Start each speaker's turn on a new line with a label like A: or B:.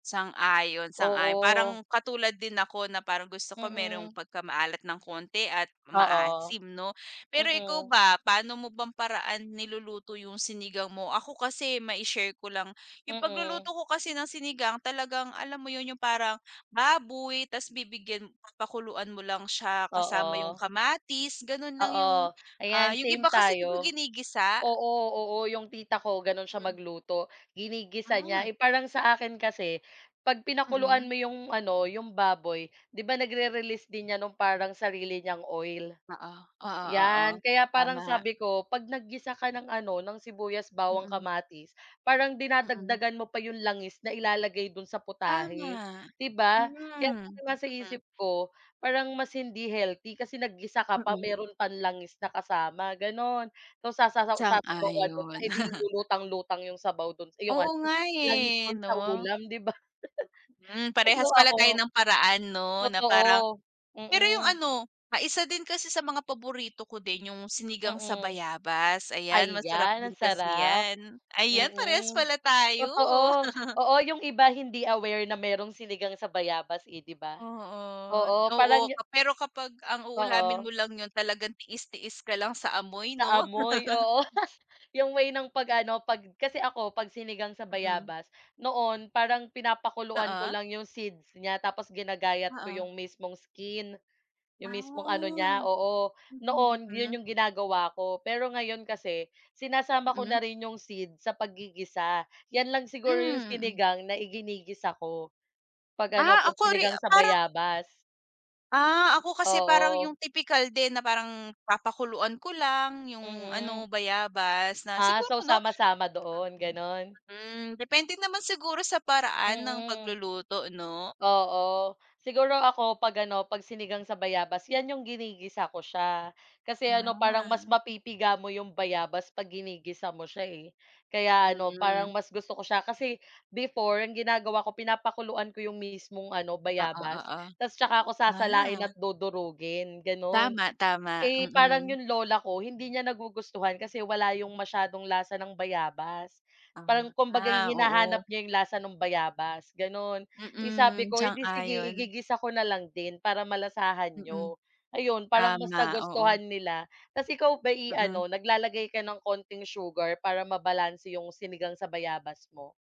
A: Sang-ayon, sang-ayon
B: Oo.
A: parang katulad din ako na parang gusto ko merong
B: Mm.
A: pagkamaalat ng konti at
B: Oo.
A: maasim 'no. Pero ikaw
B: Mm.
A: ba paano mo bang paraan niluluto yung sinigang mo. Ako kasi mai-share ko lang, yung pagluluto
B: Mm.
A: ko kasi ng sinigang talagang alam mo yun yung parang baboy tas bibigyan pakuluan mo lang siya kasama yung
B: Oo.
A: kamatis, ganon lang yung
B: Oo,
A: ah,
B: ayan
A: yung iba
B: same
A: kasi di ba
B: tayo.
A: ginigisa?
B: Oo, oo, yung tita ko ganun siya
A: Hmm.
B: magluto ginigisa niya,
A: Ah.
B: eh, parang sa akin kasi pag pinakuluan
A: Mm.
B: mo yung ano yung baboy, 'di ba nagre-release din niyan nung parang sarili niyang oil.
A: Oo, oo, oo,
B: Yan kaya parang
A: tama.
B: sabi ko, 'pag naggisa ka ng ano ng sibuyas bawang
A: Mm.
B: kamatis parang
A: Mm.
B: dinadagdagan mo pa yung langis na ilalagay dun sa putahe,
A: Tama,
B: 'di ba. Kaya
A: hmm
B: nga sa
A: mm.
B: isip ko parang mas hindi healthy kasi naggisa ka pa
A: Mm.
B: meron pang langis na kasama ganon. Tas sasaw sasabawan mo pa,
A: Sang-ayon.
B: eh, 'di lutang-lutang yung sabaw dun yung
A: Oo
B: ano
A: nga,
B: langis
A: eh,
B: dun sa
A: 'no?
B: ulam di ba?
A: Hmm,
B: Tas nung
A: parehas pala tayo
B: ako
A: ng paraan 'no na parang
B: Totoo,
A: pero yung
B: mm.
A: ano, ah, isa din kasi sa mga paborito ko din yung sinigang sa
B: Mm.
A: bayabas, ayan masarap
B: Ayan,
A: din
B: ang
A: kasi
B: sarap.
A: yan. Ayan parehas
B: Mm
A: pala tayo.
B: totoo. Oo yung iba hindi aware na merong sinigang sa bayabas eh 'di ba?
A: Oo,
B: Oo
A: oo
B: parang
A: pero kapag ang uulamin mo
B: Oo.
A: lang yun talagang tiis-tiis ka lang sa amoy,
B: Sa
A: 'no?
B: amoy oo, 'yung way ng 'pag ano 'pag kasi ako 'pag sinigang sa
A: Mm.
B: bayabas noon parang pinapakuluan ko
A: Oo.
B: lang 'yong seeds niya tapos ginagayat ko
A: Oo.
B: 'yong mismong skin, 'yong
A: Ah,
B: mismong ano niya,
A: mm,
B: oo. Noon 'yon
A: mm.
B: 'yong ginagawa ko, pero ngayon kasi sinasama ko na
A: Mm.
B: rin 'yong seeds sa paggigisa, 'yan lang siguro 'yong
A: Hmm.
B: sinigang na iginigisa ko 'pag ano,
A: Ah,
B: 'pag
A: ako ri
B: sinigang sa
A: parang
B: bayabas.
A: Ah, ako kasi parang
B: Oo.
A: yung tipikal din na parang papakuluan ko lang yung ano,
B: Mm.
A: bayabas na
B: Ah, so
A: siguro 'no,
B: sama-sama doon
A: mm,
B: gano'n?
A: hmm, depende naman siguro sa paraan ng
B: Mm.
A: pagluluto, 'no?
B: Oo siguro ako 'pag ano 'pag sinigang sa bayabas yan yung ginigisa ko siya, kasi ano parang mas
A: Ah.
B: mapipiga mo 'yong bayabas pag ginigisa mo siya, eh. Kaya ano parang
A: Hmm.
B: mas gusto ko siya kasi before ang ginagawa ko pinapakuluan ko yung mismong ano
A: Oo,
B: bayabas,
A: oo.
B: tas tsaka ko sasalain at
A: Ah.
B: dudurugin ganun.
A: Tama, tama
B: Eh, parang
A: mm.
B: 'yong lola ko hindi niya nagugustuhan kasi wala 'yong masyadong lasa ng bayabas, parang kumbaga
A: Ah,
B: hinahanap
A: oo.
B: niya 'yong lasa ng bayabas gano'n. Eh, sabi
A: Mm,
B: ko, eh di sige
A: sang-ayon.
B: igigisa ko na lang din para malasahan
A: Mm.
B: niyo. Ayun parang mas
A: Tama oo.
B: nagustuhan nila. Tas ikaw ba'y
A: Mm.
B: ano naglalagay ka ng konting sugar para mabalanse 'yong sinigang sa bayabas mo?